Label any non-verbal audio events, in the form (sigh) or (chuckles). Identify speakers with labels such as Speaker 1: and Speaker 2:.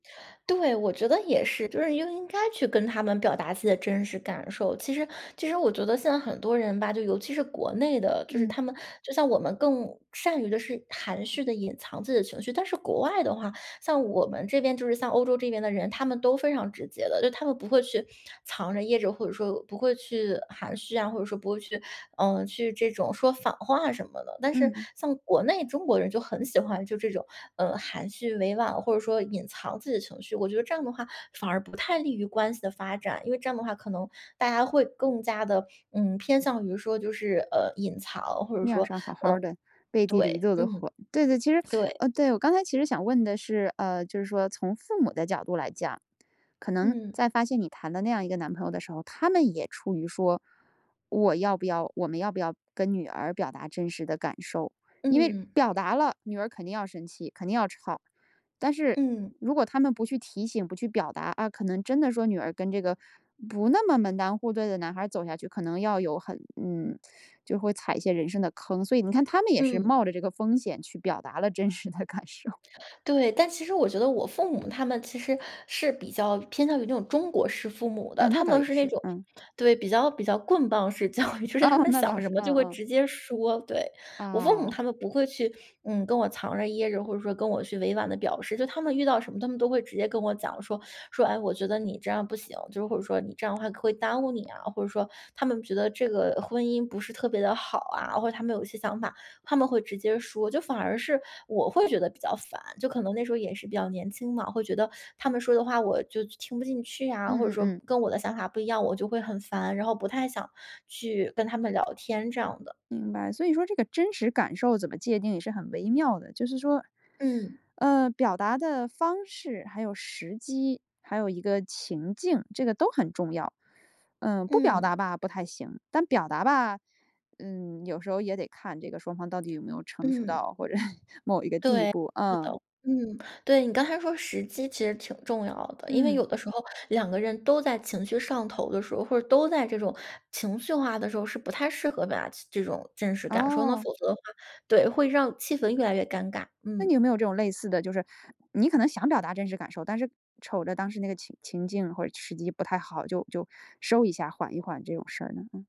Speaker 1: 对，我觉得也是，就是应应该去跟他们表达自己的真实感受。其实其实我觉得现在很多人吧，就尤其是国内的，就是
Speaker 2: 嗯。
Speaker 1: 他们就像我们更善于的是含蓄地隐藏自己的情绪。但是国外的话，像我们这边，就是像欧洲这边的人，他们都非常直接的。就他们不会去藏着掖着或者说不会去含蓄啊，或者说不会去，呃，去这种说反话什么的。但是
Speaker 2: 嗯。
Speaker 1: 像国内中国人就很喜欢就这种，呃，含蓄委婉，或者说隐藏自己的情绪。我觉得这样的话反而不太利于关系的发展，因为这样的话可能大家会更加地，嗯，偏向于说就是，呃，隐藏，或者
Speaker 2: 面儿
Speaker 1: 说，
Speaker 2: 上好好
Speaker 1: 呃
Speaker 2: 儿的，背地里一
Speaker 1: 对，
Speaker 2: 肚子
Speaker 1: 嗯，
Speaker 2: 火，对对，其实，呃，
Speaker 1: 对。
Speaker 2: 对，我刚才其实想问的是，呃，就是说从父母的角度来讲，可能
Speaker 1: 嗯。
Speaker 2: 在发现你谈的那样一个男朋友的时候，他们也出于说我要不要我们要不要跟女儿表达真实的感受？因为
Speaker 1: 嗯。
Speaker 2: 表达了女儿肯定要生气，肯定要吵。但是
Speaker 1: 嗯。
Speaker 2: 如果他们不去提醒，不去表达，啊，可能真的说女儿跟这个不那么门当户对的男孩儿走下去，可能要有很嗯，就会踩一些人生的坑，所以你看他们也是
Speaker 1: 嗯。
Speaker 2: 冒着这个风险去表达了真实的感受。
Speaker 1: 对，但其实我觉得我父母他们其实是比较偏向于那种中国式父母的。
Speaker 2: 嗯，那
Speaker 1: 他
Speaker 2: 倒
Speaker 1: 们
Speaker 2: 也
Speaker 1: 是那
Speaker 2: 是，
Speaker 1: 种
Speaker 2: 嗯。
Speaker 1: 对，比较比较棍棒式教育，就是他
Speaker 2: 哦，
Speaker 1: 们
Speaker 2: 那倒
Speaker 1: 想什
Speaker 2: 是。
Speaker 1: 么就
Speaker 2: 嗯
Speaker 1: 会
Speaker 2: 嗯。
Speaker 1: 直接说，对。我父母
Speaker 2: 哦。
Speaker 1: 他们不会去，嗯，跟我藏着掖着，或者说跟我去委婉地表示。就他们遇到什么，他们都会直接跟我讲说，说：“哎，我觉得你这样不行，“就是或者说，“你这样的话会耽误你啊”，或者说他们觉得这个婚姻不是特别地好啊，或者他们有一些想法，他们会直接说。就反而是我会觉得比较烦，就可能那时候也是比较年轻嘛，会觉得他们说的话我就听不进去啊，或者
Speaker 2: 嗯嗯
Speaker 1: 说
Speaker 2: 嗯。
Speaker 1: 跟我的想法不一样，我就会很烦，然后不太想去跟他们聊天这样的。
Speaker 2: 明白，所以说这个真实感受怎么界定也是很微妙的，就是说，
Speaker 1: 嗯。
Speaker 2: (sucks teeth) 呃，表达的方式，还有时机，还有一个情境，这个都很重要。嗯，不表
Speaker 1: 嗯。
Speaker 2: 达吧不太行，但表达吧，嗯，有时候也得看这个双方到底有没有成熟
Speaker 1: 嗯。
Speaker 2: 到或者 (chuckles) 某一个地
Speaker 1: 对，
Speaker 2: 步，
Speaker 1: 是的。
Speaker 2: 嗯。
Speaker 1: 嗯，对，你刚才说时机其实挺重要的。因为
Speaker 2: 嗯。
Speaker 1: 有的时候2个人都在情绪上头的时候，或者都在这种情绪化的时候，是不太适合把这种真实感受呢，否
Speaker 2: 哦。
Speaker 1: 则的话对，会让气氛越来越尴尬。
Speaker 2: 那
Speaker 1: 嗯。
Speaker 2: 你有没有这种类似的就是你可能想表达真实感受，但是瞅着当时那个情情境或者时机不太好，就就收一下缓一缓这种事儿呢？嗯。